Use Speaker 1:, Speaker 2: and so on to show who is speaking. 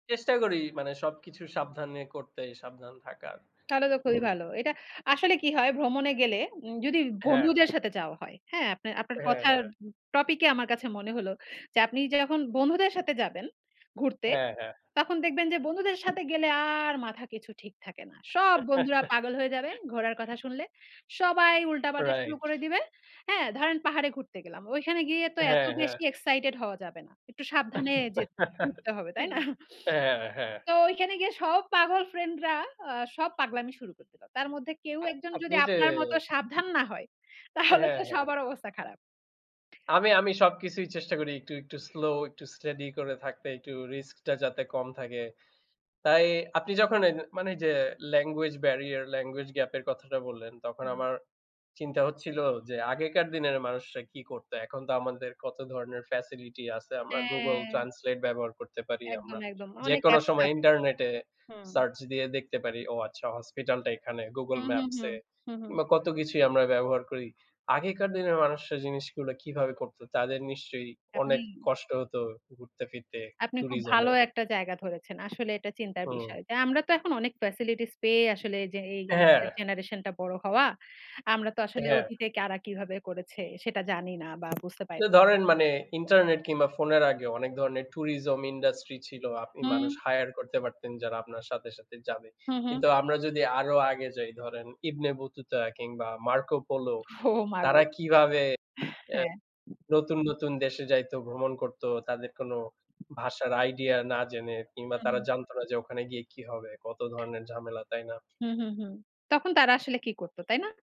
Speaker 1: চেষ্টা করি মানে সবকিছু সাবধান নিয়ে করতে, সাবধান থাকার।
Speaker 2: তাহলে তো খুবই
Speaker 1: হুম।
Speaker 2: ভালো। এটা আসলে কী হয় ভ্রমণে গেলে উ যদি
Speaker 1: হ্যাঁ।
Speaker 2: বন্ধুদের সাথে যাওয়া হয়, হ্যাঁ? আপনার আপনার
Speaker 1: হ্যাঁ,
Speaker 2: কথার
Speaker 1: হ্যাঁ।
Speaker 2: উ টপিকে আমার কাছে মনে হলো যে, আপনি যখন বন্ধুদের সাথে যাবেন, ঘুরতে,
Speaker 1: হ্যাঁ, হ্যাঁ।
Speaker 2: তখন দেখবেন যে বন্ধুদের সাথে গেলে আর মাথা কিছু ঠিক থাকে না। সব বন্ধুরা পাগল হয়ে যাবে ঘোরার কথা শুনলে। সবাই উল্টাপাল্টা শুরু
Speaker 1: Right।
Speaker 2: করে দিবে। হ্যাঁ? ধরেন পাহাড়ে ঘুরতে গেলাম। ওইখানে গিয়ে তো এত
Speaker 1: হ্যাঁ, হ্যাঁ।
Speaker 2: বেশি excited হওয়া যাবে না। একটু সাবধানে যেতে ঘুরতে হবে, তাই না?
Speaker 1: হ্যাঁ, হ্যাঁ।
Speaker 2: তো ওইখানে গিয়ে সব পাগল friend রা আ সব পাগলামি শুরু করে দিল। তার মধ্যে কেউ
Speaker 1: আপ
Speaker 2: একজন
Speaker 1: আপনি
Speaker 2: যদি
Speaker 1: যে
Speaker 2: আপনার মতো সাবধান না হয় তাহলে তো
Speaker 1: হ্যাঁ, হ্যাঁ।
Speaker 2: সবার অবস্থা খারাপ।
Speaker 1: আমি আমি সবকিছুই চেষ্টা করি একটু, একটু slow, একটু steady করে থাকতে, একটু risk টা যাতে কম থাকে। তাই আপনি যখন নে মানে এই যে মানে এইযে language barrier, language gap এর কথাটা বললেন তখন
Speaker 2: হুম।
Speaker 1: আমার চিন্তা হচ্ছিল, যে আগেকার দিনের মানুষরা কী করতো। এখন তো আমাদের কত ধরনের facility আছে। আমরা Google
Speaker 2: হ্যাঁ।
Speaker 1: Translate ব্যবহার করতে পারি,
Speaker 2: একদম,
Speaker 1: আমরা
Speaker 2: একদম। অনেক
Speaker 1: যেকোনো
Speaker 2: apps
Speaker 1: সময়
Speaker 2: আছে।
Speaker 1: ইন্টারনেটে
Speaker 2: হুম।
Speaker 1: search দিয়ে দেখতে পারি, ও আচ্ছা hospital টা এখানে, Google
Speaker 2: হুম, হুম,
Speaker 1: Maps
Speaker 2: হুম।
Speaker 1: এ
Speaker 2: হুম, হুম।
Speaker 1: কিংবা কত কিছুই আমরা ব্যবহার করি। আগেকার দিনের মানুষরা জিনিসগুলা কীভাবে করতো? তাদের নিশ্চয়ই অনেক
Speaker 2: আপনি
Speaker 1: কষ্ট হতো ঘুরতে ফিরতে
Speaker 2: আপনি খুব
Speaker 1: tourism
Speaker 2: ভালো
Speaker 1: এ।
Speaker 2: একটা জায়গা ধরেছেন। আসলে এটা চিন্তার
Speaker 1: হুম।
Speaker 2: বিষয়, যে আমরা তো এখন অনেক facilities পেয়ে আসলে যে এই আমাদের
Speaker 1: হ্যাঁ।
Speaker 2: generation টা বড় হওয়া, আমরা তো আসলে
Speaker 1: হ্যাঁ।
Speaker 2: অতীতে কারা কিভাবে করেছে সেটা জানি না বা বুঝতে পারি
Speaker 1: তো
Speaker 2: না।
Speaker 1: ধরেন মানে ইন্টারনেট কিংবা ফোনের আগেও অনেক ধরনের tourism industry ছিল। আপনি
Speaker 2: হুম।
Speaker 1: মানুষ hire করতে পারতেন যারা আপনার সাথে, সাথে যাবে।
Speaker 2: হুম, হুম।
Speaker 1: কিন্তু আমরা যদি আরও আগে যাই ধরেন ইবনে বতুতা কিংবা মার্কো পোলো
Speaker 2: ও মা গো!
Speaker 1: তারা কীভাবে এ
Speaker 2: হ্যাঁ।
Speaker 1: নতুন, নতুন দেশে যাইতো, ভ্রমণ করতো তাদের কোনো ভাষার idea না জেনে কিংবা
Speaker 2: হু,
Speaker 1: তারা
Speaker 2: হুম।
Speaker 1: জানতো না যে ওখানে গিয়ে কী হবে, কত ধরনের ঝামেলা, তাই না?
Speaker 2: হুম, হুম, হুম। তখন তারা আসলে কি করত, তাই না?